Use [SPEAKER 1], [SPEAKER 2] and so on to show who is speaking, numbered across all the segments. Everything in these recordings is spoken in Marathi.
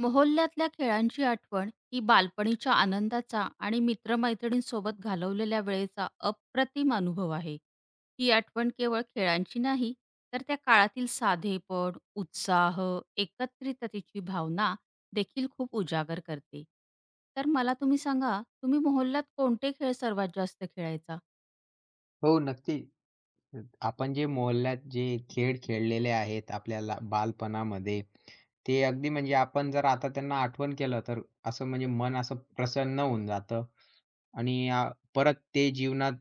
[SPEAKER 1] मोहल्ल्यात ल्या खेळांची आठवण ही बालपणीच्या आनंदाचा आणि मित्रमैत्रिणींसोबत घालवलेल्या वेळेचा अप्रतिम अनुभव आहे. ही आठवण केवळ खेळांची नाही तर त्या काळातील साधेपण, उत्साह एकत्रिततेची भावना देखील खूप उजागर करते. तर मला तुम्ही सांगा तुम्ही मोहल्ल्यात कोणते खेळ सर्वात जास्त खेळायचा?
[SPEAKER 2] हो. नक्की. अ, आपण जे मोहल्ल्या त जे खेळ खेळलेले आहेत, आपल्याला बालपणामध्ये ते अगदी म्हणजे आपण जर आता त्यांना आठवण केलं तर असं म्हणजे मन असं प्रसन्न होऊन जातं आणि अ, परत ते जीवनात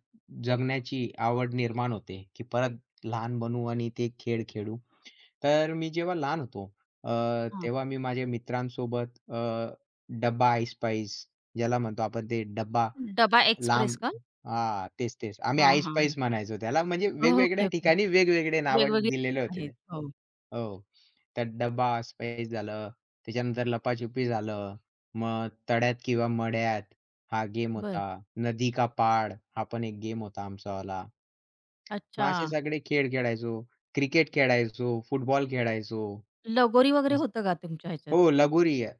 [SPEAKER 2] जगण्याची आवड निर्माण होते की परत लहान बनू आणि ते खेळ खेळू. तर मी जेव्हा लहान होतो अ,
[SPEAKER 1] हां.
[SPEAKER 2] तेव्हा मी माझ्या मित्रांसोबत अ, डब्बा ऐसपैस ज्याला म्हणतो आपण ते डब्बा
[SPEAKER 1] डब्बा एक्सप्रेस
[SPEAKER 2] लांब
[SPEAKER 1] का?
[SPEAKER 2] अ, हां. तेच-तेच आम्ही डब्बा
[SPEAKER 1] हां, हां, हा.
[SPEAKER 2] ऐसपैस म्हणायचो त्याला म्हणजे
[SPEAKER 1] ओके
[SPEAKER 2] वेगवेगळ्या
[SPEAKER 1] ओके.
[SPEAKER 2] ठिकाणी वेगवेगळे नावं
[SPEAKER 1] वेगवेगळी
[SPEAKER 2] दिलेले होते ते.
[SPEAKER 1] आहेत हो.
[SPEAKER 2] हो, त्यात डब्बा ऐसपैस झालं, त्याच्यानंतर लपाछुपी झालं मग तळ्यात किंवा मळ्यात हा गेम
[SPEAKER 1] बरं.
[SPEAKER 2] होता. नदी का पहाड हा पण एक गेम होता आमचावाला. मग असे
[SPEAKER 1] अच्छा.
[SPEAKER 2] सगळे खेळ खेळायचो. क्रिकेट खेळायचो, फुटबॉल खेळायचो.
[SPEAKER 1] लगोरी वगैरे होतं का तुमच्या ह्याच्यात?
[SPEAKER 2] हो, लगोरी अ,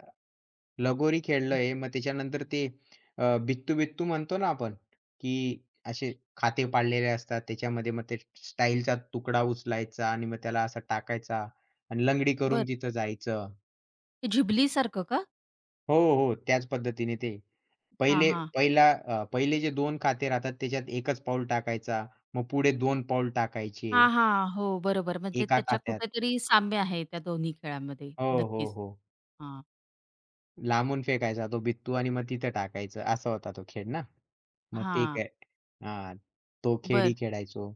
[SPEAKER 2] लगोरी खेळलं
[SPEAKER 1] हं.
[SPEAKER 2] आहे. मग त्याच्यानंतर ते अ, बित्तू-बित्तू म्हणतो ना आपण की असे खाते पाडलेले असतात त्याच्यामध्ये मग ते टाइल चा तुकडा उचलायचा आणि मग त्याला असा टाकायचा आणि लंगडी करून
[SPEAKER 1] बरं.
[SPEAKER 2] तिथं जायचं.
[SPEAKER 1] झिबली सारखं का?
[SPEAKER 2] हो, हो, त्याच पद्धतीने ते
[SPEAKER 1] हां,
[SPEAKER 2] पहिले
[SPEAKER 1] हां.
[SPEAKER 2] पहिला अ, पहिले जे 2 खाते राहतात, त्याच्यात 1 पाऊल टाकायचा, मग पुढे 2 पाऊल
[SPEAKER 1] हां,
[SPEAKER 2] टाकायचे.
[SPEAKER 1] हां. हो, बरोबर म्हणजे
[SPEAKER 2] एका
[SPEAKER 1] त्याच्या
[SPEAKER 2] खात्यात.
[SPEAKER 1] कुठेतरी साम्य आहे त्या दोन्ही खेळांमध्ये.
[SPEAKER 2] हो, हो,
[SPEAKER 1] नक्कीच,
[SPEAKER 2] हो.
[SPEAKER 1] हां.
[SPEAKER 2] लांबून फेकायचा तो बित्तू आणि मग तिथं टाकायचं. असा होता तो खेळ ना. मग ते
[SPEAKER 1] हां.
[SPEAKER 2] काय हां, तो खेळही
[SPEAKER 1] बरं.
[SPEAKER 2] खेळायचो.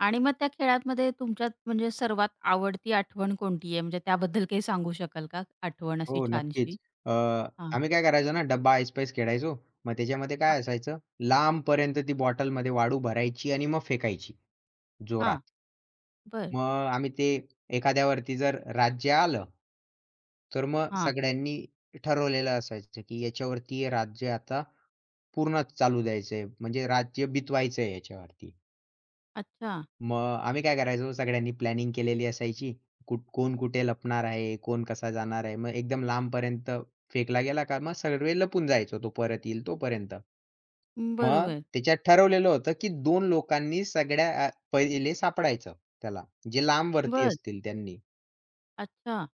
[SPEAKER 1] आणि मग त्या खेळांमध्ये तुमच्यात म्हणजे सर्वात आवडती आठवण कोणती आहे? म्हणजे त्याबद्दल काही सांगू शकाल का आठवण अशी
[SPEAKER 2] हो
[SPEAKER 1] छानशी?
[SPEAKER 2] नक्कीच. अ,
[SPEAKER 1] हां.
[SPEAKER 2] आम्ही काय करायचो ना डब्बा ऐसपैस खेळायचो. मग त्याच्यामध्ये
[SPEAKER 1] हां.
[SPEAKER 2] काय असायचं लांबपर्यंत ती बॉटलमध्ये वाळू भरायची आणि मग फेकायची, जोरात.
[SPEAKER 1] हां, बरं.
[SPEAKER 2] मग आम्ही ते एखाद्यावरती जर राज्य आलं, तर मग
[SPEAKER 1] हां.
[SPEAKER 2] सगळ्यांनी ठरवलेलं असायचं की याच्यावरती हे राज्य आता पूर्णच चालू द्यायचंय, म्हणजे राज्य बितवायचंय याच्यावरती.
[SPEAKER 1] अच्छा.
[SPEAKER 2] मग आम्ही काय करायचो सगळ्यांनी प्लॅनिंग केलेली असायची, कुठ कोण कुठे लपणार आहे? कोण कसा जाणार आहे? मग एकदम लांबपर्यंत फेकला गेला का? मग सगळे लपून जायचो, तो परत येईल तोपर्यंत.
[SPEAKER 1] हं,
[SPEAKER 2] मग
[SPEAKER 1] बरोबर.
[SPEAKER 2] त्याच्यात ठरवलेलं होतं, की 2 लोकांनी सगळ्या आ पहिले सापडायचं त्याला, जे लांब वरती
[SPEAKER 1] बरं.
[SPEAKER 2] असतील त्यांनी.
[SPEAKER 1] अच्छा.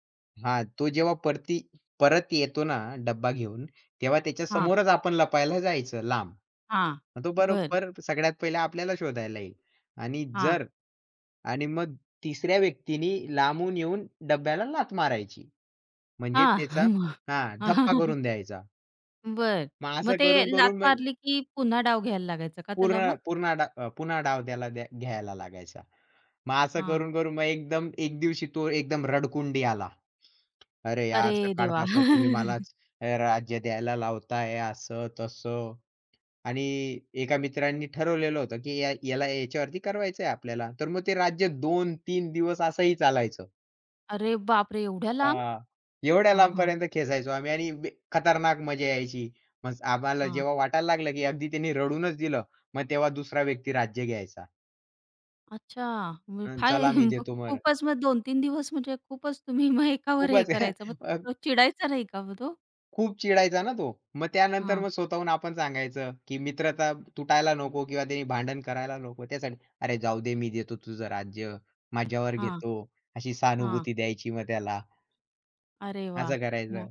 [SPEAKER 2] हां, तो जेव्हा परती परत येतो ना डब्बा घेऊन, तेव्हा त्याच्या
[SPEAKER 1] हां.
[SPEAKER 2] समोरच आपण लपायला जायचं लांब.
[SPEAKER 1] हां,
[SPEAKER 2] मग तो
[SPEAKER 1] बरं.
[SPEAKER 2] बरोबर सगळ्यात पहिला आपल्याला शोधायला येईल आणि
[SPEAKER 1] हां.
[SPEAKER 2] जर आणि मग तिसऱ्या व्यक्तीनी लांबून येऊन डब्याला लाथ मारायची. म्हणजे त्याचा
[SPEAKER 1] हां.
[SPEAKER 2] हा धप्पा करून द्यायचा.
[SPEAKER 1] बरं
[SPEAKER 2] मग
[SPEAKER 1] मग
[SPEAKER 2] असं
[SPEAKER 1] ते
[SPEAKER 2] करून
[SPEAKER 1] लाथ
[SPEAKER 2] करून म्ह
[SPEAKER 1] मारली की पुन्हा डाव घ्यायला लागायचं का त्याला
[SPEAKER 2] पूर्ण,
[SPEAKER 1] मग?
[SPEAKER 2] पूर्ण डा पुन्हा डाव द्याय घ्यायला लागायचा. मग असं
[SPEAKER 1] हां.
[SPEAKER 2] करून-करून मग एकदम एक दिवशी तो एकदम रडकुंडी आला. अरे यार
[SPEAKER 1] अरे देवा!
[SPEAKER 2] सकाळपासून तुम्ही मलाच अ, राज्य द्यायला लावत आहे, असं-तसं. आणि एका मित्रांनी ठरवलेलं होतं, की या याला याच्यावरती करवायचं आहे आपल्याला. तर मग ते राज्य 2-3 दिवस असंही चालायचं.
[SPEAKER 1] अरे बापरे! एवढ्या लांब?
[SPEAKER 2] हां. एवढ्या
[SPEAKER 1] हं, हं.
[SPEAKER 2] लांबपर्यंत खेचायचो आम्ही आणि व्य खतरनाक मजा यायची. मग आम्हाला
[SPEAKER 1] हां.
[SPEAKER 2] जेव्हा वाटायला लागलं, की अगदी त्यांनी रडूनच दिलं. मग तेव्हा दुसरा व्यक्ती राज्य घ्यायचा.
[SPEAKER 1] अच्छा, मग
[SPEAKER 2] हं,
[SPEAKER 1] काय
[SPEAKER 2] चला मी
[SPEAKER 1] मग
[SPEAKER 2] देतो बरं!
[SPEAKER 1] खूपच मग 2-3 दिवस म्हणजे खूपच तुम्ही मग एकावर हे
[SPEAKER 2] खूपच हं
[SPEAKER 1] करायचं. मग
[SPEAKER 2] अ
[SPEAKER 1] तो चिडायचा नाही का मग तो?
[SPEAKER 2] खूप चिडायचा ना तो मग त्यानंतर
[SPEAKER 1] हं.
[SPEAKER 2] मग स्वतःहून आपण सांगायचं, की मित्रता तुटायला नको किंवा त्याने भांडण करायला नको त्यासाठी. "अरे जाऊदे मी देतो तुझं राज्य, माझ्यावर
[SPEAKER 1] हां.
[SPEAKER 2] घेतो" अशी
[SPEAKER 1] हां.
[SPEAKER 2] सहानुभूती द्यायची मग त्याला.
[SPEAKER 1] अरे वाह!
[SPEAKER 2] असं
[SPEAKER 1] मग?
[SPEAKER 2] करायचं.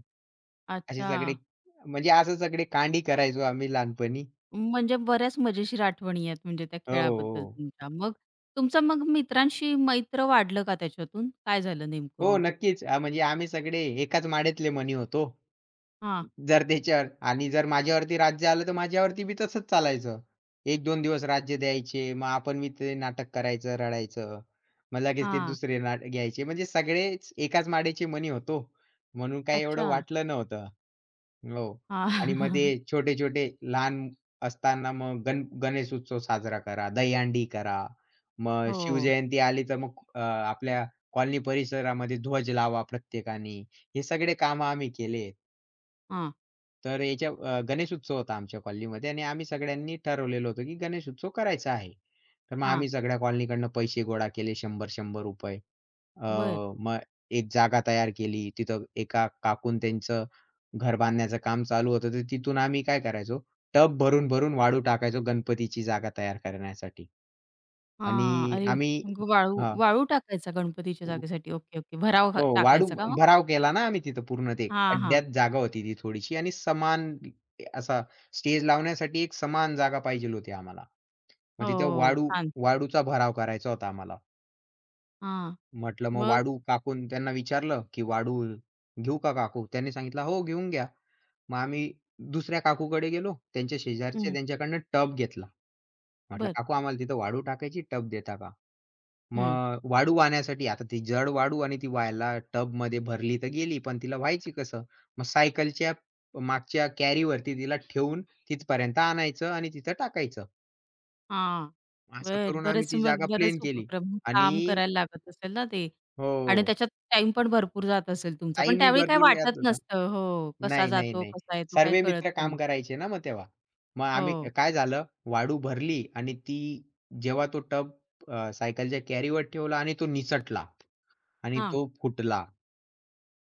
[SPEAKER 2] असे सगळे
[SPEAKER 1] अच्छा.
[SPEAKER 2] म्हणजे असे सगळे कांडी करायचो आम्ही लहानपणी.
[SPEAKER 1] म्हणजे बऱ्याच मजेशीर आठवणी आहेत म्हणजे त्या
[SPEAKER 2] अ, हो,
[SPEAKER 1] खेळाबद्दल
[SPEAKER 2] हो.
[SPEAKER 1] तुमच्या. मग तुमचं मग मित्रांशी मैत्र वाढलं का त्याच्यातून? काय झालं नेमकं
[SPEAKER 2] हो
[SPEAKER 1] मग?
[SPEAKER 2] नक्कीच म्हणजे आम्ही सगळे एकाच माळेतले मणी होतो.
[SPEAKER 1] हां.
[SPEAKER 2] जर त्याच्यावर आणि जर माझ्यावरती राज्य आलं तर माझ्यावरती बी तसंच चालायचं. 1-2 दिवस राज्य द्यायचे मग आपण बी ते नाटक करायचं रडायचं. मग लगेच ते
[SPEAKER 1] हां.
[SPEAKER 2] दुसरे नाट घ्यायचे. म्हणजे सगळेच एकाच माळेचे मणी होतो. म्हणून काय एवढं
[SPEAKER 1] अच्छा.
[SPEAKER 2] वाटलं नव्हतं. हो.
[SPEAKER 1] हां.
[SPEAKER 2] आणि मग ते छोटे-छोटे लहान असताना मग गण गणेश उत्सव साजरा करा, दहीहंडी करा. मग
[SPEAKER 1] हो.
[SPEAKER 2] शिवजयंती आली तर मग अ, आपल्या कॉलनी परिसरामध्ये ध्वज लावा प्रत्येकाने. हे सगळे कामं आम्ही केलेत.
[SPEAKER 1] हां.
[SPEAKER 2] तर याच्या अ, गणेशोत्सव होता आमच्या कॉलनीमध्ये आणि आम्ही सगळ्यांनी ठरवलेलं होतं, की गणेश उत्सव करायचा आहे. तर मग
[SPEAKER 1] हां.
[SPEAKER 2] आम्ही सगळ्या कॉलनीकडून पैसे गोळा केले ₹100-100. अ,
[SPEAKER 1] बरं.
[SPEAKER 2] मग एक जागा तयार केली. तिथं एका काकूनं त्यांचं घर बांधण्याचं काम चालू होतं. तर तिथून आम्ही काय करायचो टब भरून-भरून वाळू टाकायचो गणपतीची जागा तयार करण्यासाठी.
[SPEAKER 1] हां,
[SPEAKER 2] आणि
[SPEAKER 1] अरे,
[SPEAKER 2] आम्ही
[SPEAKER 1] मग वाळू
[SPEAKER 2] हां.
[SPEAKER 1] वाळू टाकायचा गणपतीच्या जागेसाठी? ओके, ओके भराव घा
[SPEAKER 2] हो वाळू
[SPEAKER 1] टाकायचा का मग?
[SPEAKER 2] भराव केला ना आम्ही तिथं पूर्ण ते.
[SPEAKER 1] हां, हां.
[SPEAKER 2] खड्ड्यात जागा होती ती थोडीशी आणि समान असा स्टेज लावण्यासाठी एक समान जागा पाहिजे होती आम्हाला. मग तिथं
[SPEAKER 1] हो,
[SPEAKER 2] वाळू
[SPEAKER 1] छान.
[SPEAKER 2] वाळूचा भराव करायचा होता आम्हाला.
[SPEAKER 1] हां,
[SPEAKER 2] म्हटलं मग
[SPEAKER 1] मग?
[SPEAKER 2] वाळू? काकू त्यांना विचारलं, की "वाळू घेऊ का काकू?" त्यांनी सांगितलं, "हो घेऊन घ्या." मग आम्ही दुसऱ्या काकूकडे गेलो त्यांच्या शेजारच्या.
[SPEAKER 1] हं.
[SPEAKER 2] त्यांच्याकडनं टब घेतला. म्हटलं,
[SPEAKER 1] बरं.
[SPEAKER 2] "काकू आम्हाला तिथं वाळू टाकायची टब देता का?"
[SPEAKER 1] हं.
[SPEAKER 2] मग वाळू आणण्यासाठी आता ती जड वाळू आणि ती वहायला टबमध्ये भरली तर गेली पण तिला व्हायची कसं? मग सायकलच्या मागच्या कॅरीवरती तिला ठेवून तिथपर्यंत आणायचं आणि तिथं टाकायचं.
[SPEAKER 1] हां.
[SPEAKER 2] असं
[SPEAKER 1] बरं
[SPEAKER 2] करून आम्ही
[SPEAKER 1] बरेच
[SPEAKER 2] ती
[SPEAKER 1] मग
[SPEAKER 2] जागा
[SPEAKER 1] बरेच
[SPEAKER 2] प्लेन केली
[SPEAKER 1] उपक्रम, काम
[SPEAKER 2] आणि
[SPEAKER 1] करायला लागत असेल ना ते आणि
[SPEAKER 2] हो.
[SPEAKER 1] त्याच्यात टाईम पण भरपूर जात असेल तुमचा? पण
[SPEAKER 2] टाईमही
[SPEAKER 1] त्यावेळी काही
[SPEAKER 2] भरपूर यात
[SPEAKER 1] वाटत
[SPEAKER 2] होता.
[SPEAKER 1] नसतं. हो. कसा
[SPEAKER 2] नाही, नाही,
[SPEAKER 1] जातो,
[SPEAKER 2] नाही,
[SPEAKER 1] कसा येतो,
[SPEAKER 2] सर्व
[SPEAKER 1] काय कळत
[SPEAKER 2] मित्र
[SPEAKER 1] पण
[SPEAKER 2] काम
[SPEAKER 1] नाही.
[SPEAKER 2] करायचे ना, मग तेव्हा. मग आम्ही
[SPEAKER 1] हो.
[SPEAKER 2] काय झालं, वाळू भरली आणि ती जेव्हा तो टब अ, सायकलच्या कॅरीवर ठेवला आणि तो निसटला. आणि
[SPEAKER 1] हां.
[SPEAKER 2] तो फुटला.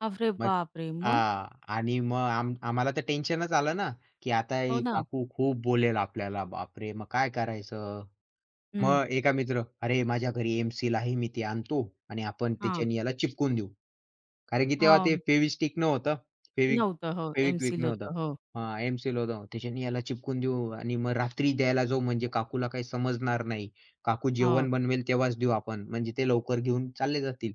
[SPEAKER 1] अरे
[SPEAKER 2] मग
[SPEAKER 1] बाप रे! मग?
[SPEAKER 2] हां. आणि मग आम्ही आम्हाला तर टेन्शनच आलं ना, की "आता
[SPEAKER 1] हो
[SPEAKER 2] एक
[SPEAKER 1] ना.
[SPEAKER 2] काकू खूप बोलेल आपल्याला, बापरे! मग काय करायचं?"
[SPEAKER 1] हं.
[SPEAKER 2] मग एका मित्र, "अरे माझ्या घरी एम-सील आहे, मी ते आणतो आणि आपण
[SPEAKER 1] हां.
[SPEAKER 2] त्याच्यानी याला चिपकून देऊ." कारण की तेव्हा ते
[SPEAKER 1] हां.
[SPEAKER 2] फेविस्टिक नव्हतं, फेविक
[SPEAKER 1] नव्हतं. हो.
[SPEAKER 2] फेविकविक
[SPEAKER 1] एम-सील
[SPEAKER 2] नव्हतं,
[SPEAKER 1] होतं. हो.
[SPEAKER 2] अ, "एम-सील होतं त्याच्याने याला चिपकून देऊ आणि मग रात्री द्यायला जाऊ म्हणजे काकूला काही समजणार नाही, काकू
[SPEAKER 1] हो.
[SPEAKER 2] जेवण बनवेल तेव्हाच देऊ आपण, म्हणजे ते लवकर घेऊन चालले जातील."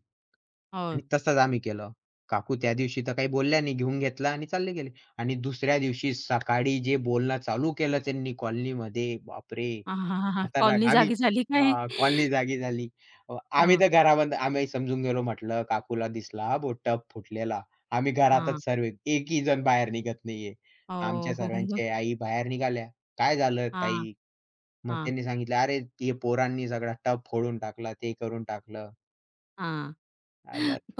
[SPEAKER 1] हो.
[SPEAKER 2] आणि तसंच आम्ही केलं. काकू त्यादिवशी तर काही बोलल्या नाही, घेऊन घेतला आणि चालले गेले. आणि दुसऱ्या दिवशी सकाळी जे बोलणं चालू केलं त्यांनी कॉलनीमध्ये, बापरे! खतरनाक
[SPEAKER 1] कॉलनी
[SPEAKER 2] आता आम्ही
[SPEAKER 1] जागी झाली काय?
[SPEAKER 2] कॉलनी जागी झाली. आम्ही
[SPEAKER 1] हां.
[SPEAKER 2] तर घरामध्ये आम्ही समजून गेलो म्हटलं, "काकूला दिसला हां बो, टब फुटलेला." आम्ही
[SPEAKER 1] हां.
[SPEAKER 2] घरातच सर्व. एकही जण बाहेर निघत नाहीये. आमच्या
[SPEAKER 1] हो. मग?
[SPEAKER 2] सर्वाच्या आई बाहेर निघाल्या, "काय झालं
[SPEAKER 1] हां.
[SPEAKER 2] ताई?" मग
[SPEAKER 1] हां.
[SPEAKER 2] त्यांनी सांगितलं, "अरे, ते पोरांनी सगळा टब फोडून टाकला ते करून टाकलं."
[SPEAKER 1] हां,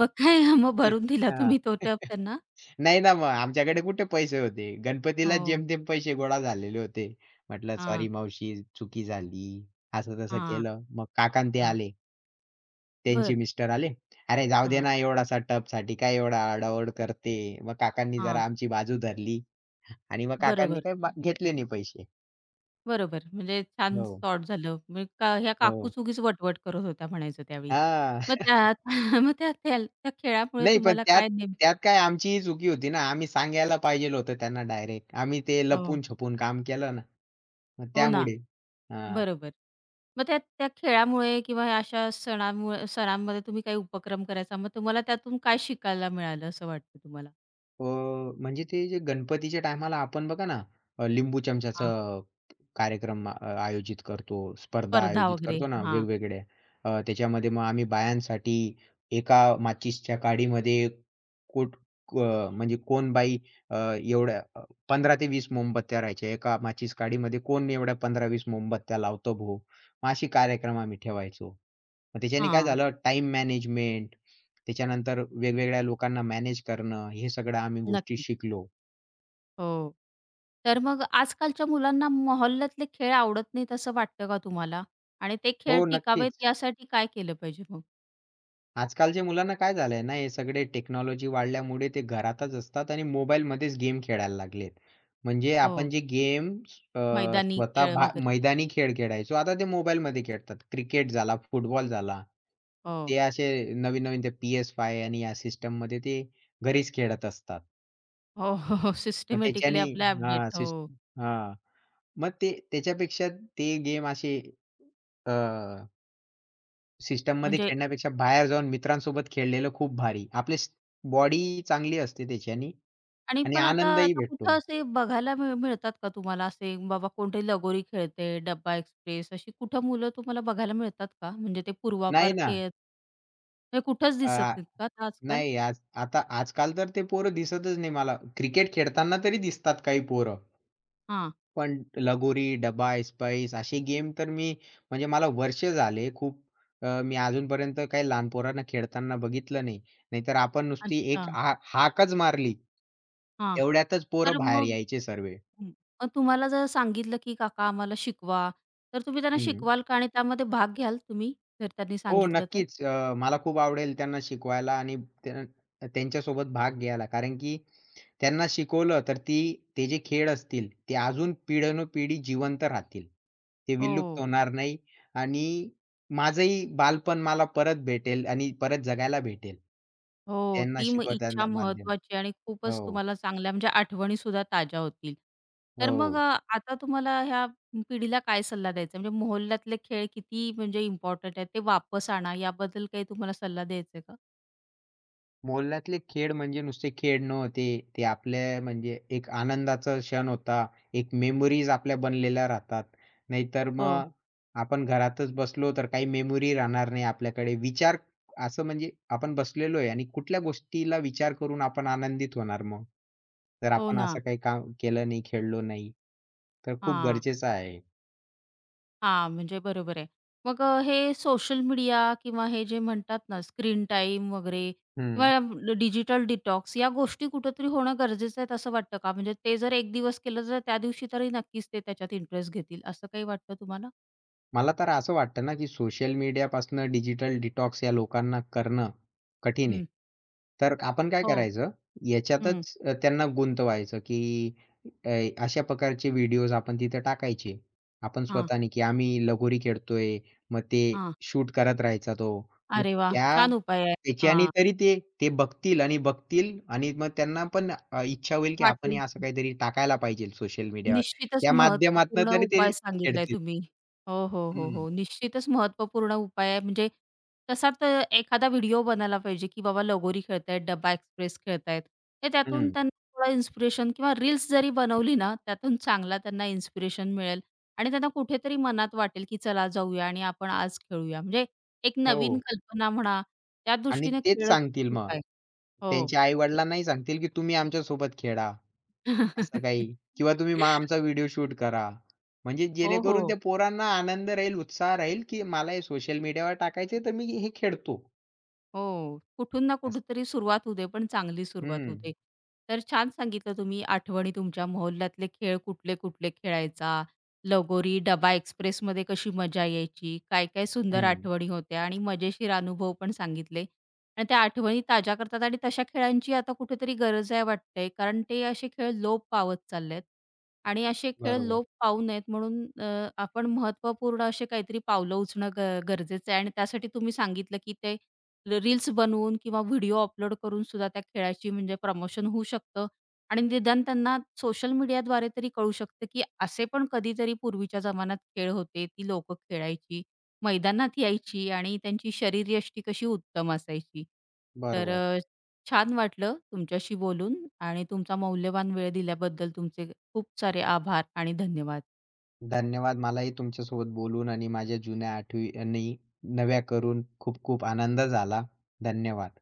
[SPEAKER 1] मग काय मग
[SPEAKER 2] [unintelligible]
[SPEAKER 1] भरून दिला
[SPEAKER 2] हां.
[SPEAKER 1] तुम्ही तो टब त्यांना?
[SPEAKER 2] नाही ना मग आमच्याकडे कुठे पैसे होते. गणपतीलाच
[SPEAKER 1] हो.
[SPEAKER 2] जेमतेम पैसे गोळा झालेले होते. म्हटलं "सॉरी
[SPEAKER 1] हां.
[SPEAKER 2] मावशी चुकी झाली." असं तसं
[SPEAKER 1] हां.
[SPEAKER 2] केलं. मग काका अन् ते
[SPEAKER 1] हां.
[SPEAKER 2] आले. त्यांचे
[SPEAKER 1] बरं.
[SPEAKER 2] मिस्टर आले, "अरे जाऊदे
[SPEAKER 1] हां.
[SPEAKER 2] ना. एवढासा टबसाठी काय एवढा आरडा-ओरड करते." मग काकांनी
[SPEAKER 1] हां.
[SPEAKER 2] जरा आमची बाजू धरली आणि मग काकांनी
[SPEAKER 1] बरोबर.
[SPEAKER 2] काय घेतले नाही पैसे.
[SPEAKER 1] बरोबर. म्हणजे छान
[SPEAKER 2] हो.
[SPEAKER 1] सॉर्ट झालं. म्हणजे ह्या
[SPEAKER 2] हो.
[SPEAKER 1] काकूच उगीच वटवट करत होत्या म्हणायचं त्यावेळी.
[SPEAKER 2] हां.
[SPEAKER 1] मग त्यात मग त्या त्या. खेळामुळे
[SPEAKER 2] नाही पण
[SPEAKER 1] तुम्हाला
[SPEAKER 2] त्यात
[SPEAKER 1] काय नेम
[SPEAKER 2] त्यात काय आमचीही चुकी होती ना. आम्ही सांगायला पाहिजे होतं त्यांना डायरेक्ट. आम्ही ते
[SPEAKER 1] हो.
[SPEAKER 2] लपून-छपून काम केलं ना, मग
[SPEAKER 1] हो ना!
[SPEAKER 2] त्यामुळे. हां.
[SPEAKER 1] बरोबर. मग त्या त्या खेळामुळे किंवा अशा सणामुळ सणांमध्ये तुम्ही काही उपक्रम करायचा, मग तुम्हाला त्यातून काय शिकायला मिळालं असं वाटतं तुम्हाला?
[SPEAKER 2] हो. म्हणजे ते जे गणपतीच्या टायमाला आपण बघा ना,
[SPEAKER 1] हां.
[SPEAKER 2] लिंबू-चमचाचं अ, कार्यक्रम अ, आयोजित करतो, स्पर्धा
[SPEAKER 1] स्पर्धा
[SPEAKER 2] आयोजित
[SPEAKER 1] वगैरे.
[SPEAKER 2] करतो ना
[SPEAKER 1] हां.
[SPEAKER 2] वेगवेगळ्या. त्याच्यामध्ये मग आम्ही बायांसाठी एका माचीसच्या काडीमध्ये कुठ अ, म्हणजे कोण बाई एवढ्या 15 ते 20 मोमबत्त्या राहायच्या. एका माचीस काडीमध्ये कोण एवढ्या 15-20 मोमबत्त्या लावतं भो. मग असे कार्यक्रम आम्ही ठेवायचो. मग त्याच्याने काय
[SPEAKER 1] हां.
[SPEAKER 2] झालं टाइम मॅनेजमेंट, त्याच्यानंतर वेगवेगळ्या लोकांना मॅनेज करणं, हे सगळ्या आम्ही गोष्टी
[SPEAKER 1] नक्कीच.
[SPEAKER 2] शिकलो.
[SPEAKER 1] हो. तर मग आजकालच्या मुलांना मोहल्ल्या तले खेळ आवडत नाहीत असं वाटतं का तुम्हाला? आणि ते खेळ
[SPEAKER 2] हो,
[SPEAKER 1] टिकावेत
[SPEAKER 2] नक्कीच.
[SPEAKER 1] यासाठी काय केलं पाहिजे मग?
[SPEAKER 2] आजकालच्या मुलांना काय झालं आहे ना, हे सगळे टेक्नॉलॉजी वाढल्यामुळे ते घरातच असतात आणि मोबाईलमध्येच गेम खेळायला लागलेत, म्हणजे आपण
[SPEAKER 1] हो.
[SPEAKER 2] जे गेम अ,
[SPEAKER 1] मैदानी
[SPEAKER 2] स्वतः
[SPEAKER 1] खेळ
[SPEAKER 2] भा
[SPEAKER 1] वगैरे.
[SPEAKER 2] मैदानी खेळ खेळायचो, आता ते मोबाईलमध्ये खेळतात. क्रिकेट झाला, फुटबॉल झाला,
[SPEAKER 1] हो.
[SPEAKER 2] ते असे नवीन-नवीन ते PS5 आणि या सिस्टममध्ये ते घरीच खेळत असतात.
[SPEAKER 1] हो, हो, हो.
[SPEAKER 2] मग
[SPEAKER 1] सिस्टेमॅटिकली
[SPEAKER 2] त्याच्यानी
[SPEAKER 1] ॲपला अपडेट.
[SPEAKER 2] हां. सिस्ट
[SPEAKER 1] हो.
[SPEAKER 2] हां. मग ते त्याच्यापेक्षा ते गेम असे अ. सिस्टममध्ये
[SPEAKER 1] म्हणजे
[SPEAKER 2] खेळण्यापेक्षा बाहेर जाऊन मित्रांसोबत खेळलेलं खूप भारी. आपली बॉडी चांगली असते त्याच्याने
[SPEAKER 1] आणि
[SPEAKER 2] आणि
[SPEAKER 1] पण आता
[SPEAKER 2] आनंदही
[SPEAKER 1] आता कुठं
[SPEAKER 2] भेटतो.
[SPEAKER 1] असे बघायला मिळ मिळतात का तुम्हाला? असे बाबा कोठे लगोरी खेळते, डब्बा ऐसपैस अशी कुठं मुलं तुम्हाला बघायला मिळतात का? म्हणजे ते पूर्वापार
[SPEAKER 2] नाही ना.
[SPEAKER 1] [unintelligible] हे कुठंच दिसत
[SPEAKER 2] अ,
[SPEAKER 1] नाहीत का आजकाल?
[SPEAKER 2] नाही आज आता आजकाल तर ते पोरं दिसतच नाही मला. क्रिकेट खेळताना तरी दिसतात काही पोरं.
[SPEAKER 1] हां.
[SPEAKER 2] पण लगोरी, डब्बा ऐसपैस असे गेम तर मी म्हणजे मला वर्ष झाले खूप अ, मी अजूनपर्यंत काही लहान पोरांना खेळताना बघितलं नाही. नाहीतर आपण नुसती
[SPEAKER 1] अच्छा.
[SPEAKER 2] एक हा हाकच मारली,
[SPEAKER 1] हां,
[SPEAKER 2] एवढ्यातच पोरं
[SPEAKER 1] तर
[SPEAKER 2] बाहेर
[SPEAKER 1] मग
[SPEAKER 2] यायचे सर्वे.
[SPEAKER 1] हं. पण तुम्हाला जर सांगितलं की, "काका आम्हाला शिकवा" तर तुम्ही त्यांना
[SPEAKER 2] हं.
[SPEAKER 1] शिकवाल का आणि त्यामध्ये भाग घ्याल तुम्ही? जर त्यांनी
[SPEAKER 2] हो
[SPEAKER 1] सांगितलं तर?
[SPEAKER 2] नक्कीच. अ, मला खूप आवडेल त्यांना शिकवायला आणि त्यां त्यांच्यासोबत भाग घ्यायला कारण, की त्यांना शिकवलं तर ती ते जे खेळ असतील ते अजून पिढ्यानपिढी जिवंत राहतील, ते विलुप्त
[SPEAKER 1] हो.
[SPEAKER 2] होणार नाही. आणि माझंही बालपण मला परत भेटेल आणि परत जगायला भेटेल.
[SPEAKER 1] हो.
[SPEAKER 2] त्यांना
[SPEAKER 1] ती इच्छा
[SPEAKER 2] शिकवताना माध्यम.
[SPEAKER 1] महत्त्वाची आहे आणि खूपच
[SPEAKER 2] हो.
[SPEAKER 1] तुम्हाला चांगल्या म्हणजे आठवणीसुद्धा ताज्या होतील तर मग अ,
[SPEAKER 2] हो.
[SPEAKER 1] आता तुम्हाला ह्या पिढीला काय सल्ला द्यायचा आहे म्हणजे मोहल्ल्या तले खेळ किती म्हणजे इम्पोर्टंट आहेत ते वापस आणा याबद्दल काही तुम्हाला सल्ला द्यायचा आहे का?
[SPEAKER 2] मोहल्ल्यातले खेळ म्हणजे नुसते खेळ नव्हते. ते आपल्या म्हणजे एक आनंदाचा क्षण होता. एक मेमरीज आपल्या बनलेल्या राहतात, नाहीतर
[SPEAKER 1] हो.
[SPEAKER 2] मग आपण घरातच बसलो तर काही मेमरी राहणार नाही आपल्याकडे. विचार असं म्हणजे आपण बसलेलो आहे आणि कुठल्या गोष्टीला विचार करून आपण आनंदित होणार मग? जर
[SPEAKER 1] हो
[SPEAKER 2] आपण
[SPEAKER 1] ना.
[SPEAKER 2] असं काही काम केलं नाही, खेळलो नाही, तर खूप
[SPEAKER 1] हां.
[SPEAKER 2] गरजेचं आहे.
[SPEAKER 1] हां, म्हणजे बरोबर आहे मग हे सोशल मीडिया किंवा हे जे म्हणतात ना स्क्रीनटाईम वगैरे
[SPEAKER 2] हं.
[SPEAKER 1] किंवा ड डिजिटल डिटॉक्स या गोष्टी कुठेतरी होणं गरजेचं आहे, असं वाटतं का? म्हणजे ते जर 1 दिवस केलं, तर त्यादिवशी तरी नक्कीच ते त्याच्यात इंटरेस्ट घेतील असं काही वाटतं तुम्हाला?
[SPEAKER 2] मला तर असं वाटतं ना, की सोशल मीडियापासून डिजिटल डिटॉक्स या लोकांना करणं कठीण आहे.
[SPEAKER 1] हं.
[SPEAKER 2] तर आपण काय
[SPEAKER 1] हो.
[SPEAKER 2] करायचं
[SPEAKER 1] हं.
[SPEAKER 2] याच्यातच अ, त्यांना गुंतवायचं, की अ, अशा प्रकारचे व्हिडिओज आपण तिथं टाकायचे आपण
[SPEAKER 1] हां.
[SPEAKER 2] स्वतःनी, की आम्ही लगोरी खेळतोय. मग ते
[SPEAKER 1] हां.
[SPEAKER 2] शूट करत राहायचा तो. मग
[SPEAKER 1] अरे वाह!
[SPEAKER 2] त्या,
[SPEAKER 1] छान उपाय आहे.
[SPEAKER 2] त्याच्याने
[SPEAKER 1] हां.
[SPEAKER 2] तरी ते ते बघतील आणि बघतील आणि मग त्यांना पण अ, इच्छा होईल, की
[SPEAKER 1] वाटेल
[SPEAKER 2] आपणही असं
[SPEAKER 1] की.
[SPEAKER 2] काहीतरी टाकायला पाहिजे सोशल मीडियावर.
[SPEAKER 1] निश्चितच
[SPEAKER 2] त्या
[SPEAKER 1] महत्त्वपूर्ण
[SPEAKER 2] माध्यमातनं तरी ते
[SPEAKER 1] उपाय सांगितला आहे
[SPEAKER 2] खेळतील.
[SPEAKER 1] तुम्ही. हो, हो, हो,
[SPEAKER 2] हं.
[SPEAKER 1] हो. निश्चितच महत्त्वपूर्ण उपाय आहे. म्हणजे तसा तर एखादा व्हिडिओ बनयला पाहिजे, की बाबा लगोरी खेळत आहेत, डब्बा एक्सप्रेस खेळत आहेत. हे त्यातून
[SPEAKER 2] हं.
[SPEAKER 1] त्यांना थोडं इन्स्पिरेशन किंवा रील्स जरी बनवली ना त्यातून चांगला त्यांना इन्स्पिरेशन मिळेल आणि त्यांना कुठेतरी मनात वाटेल, की चला जाऊया आणि आपण आज खेळूया. म्हणजे एक नवीन
[SPEAKER 2] हो.
[SPEAKER 1] कल्पना म्हणा.
[SPEAKER 2] आणि
[SPEAKER 1] त्यादृष्टीनं
[SPEAKER 2] तेच
[SPEAKER 1] खेळलं तरी
[SPEAKER 2] सांगतील
[SPEAKER 1] खूप
[SPEAKER 2] मग.
[SPEAKER 1] आहे. हो.
[SPEAKER 2] त्यांच्या आई-वडिलांनाही सांगतील, की तुम्ही आमच्यासोबत खेळा, असं काही किंवा तुम्ही मग आमचा व्हिडिओ शूट करा. म्हणजे
[SPEAKER 1] हो,
[SPEAKER 2] जेणेकरून
[SPEAKER 1] हो.
[SPEAKER 2] त्या पोरांना आनंद राहील, उत्साह राहील, की मला हे सोशल मीडियावर टाकायचं आहे, तर मी हे खेळतो.
[SPEAKER 1] हो. कुठून ना
[SPEAKER 2] अच
[SPEAKER 1] कुठेतरी सुरुवात होऊ दे, पण चांगली सुरुवात होऊ
[SPEAKER 2] हं.
[SPEAKER 1] दे. तर छान सांगितलं तुम्ही आठवणी तुमच्या मोहल्ल्यातले खेळ, कुठले-कुठले खेळायचा, लगोरी, डबा एक्सप्रेसमध्ये कशी मजा यायची, काय-काय सुंदर
[SPEAKER 2] हं.
[SPEAKER 1] आठवणी होत्या आणि मजेशीर अनुभव पण सांगितले. आणि त्या आठवणी ताज्या करतात आणि तशा खेळांची आता कुठेतरी गरज आहे वाटते, कारण ते असे खेळ लोप पावत चालले आहेत. आणि असे खेळ
[SPEAKER 2] बरोबर.
[SPEAKER 1] लोप पावू नयेत, म्हणून अ, आपण महत्त्वपूर्ण असे काहीतरी पावलं उचलणं अ, ग गरजेचं आहे. आणि त्यासाठी तुम्ही सांगितलं की ते अ, र रील्स बनवून किंवा व्हिडिओ अपलोड करूनसुद्धा त्या खेळाची म्हणजे प्रमोशन होऊ शकतं. आणि निदान त्यांना सोशल मीडियाद्वारे तरी कळू शकतं, की असे पण कधीतरी पूर्वीच्या जमान्यात खेळ होते, ती लोकं खेळायची, मैदानात यायची आणि त्यांची शरीरयष्टी कशी उत्तम असायची. तर
[SPEAKER 2] बरोबर.
[SPEAKER 1] अ, छान वाटलं तुमच्याशी बोलून आणि तुमचा मौल्यवान वेळ दिल्याबद्दल तुमचे खूप सारे आभार आणि धन्यवाद.
[SPEAKER 2] धन्यवाद. मलाही तुमच्यासोबत बोलून आणि माझ्या जुन्या आठवणी नव्या करून खूप खूप आनंद झाला. धन्यवाद.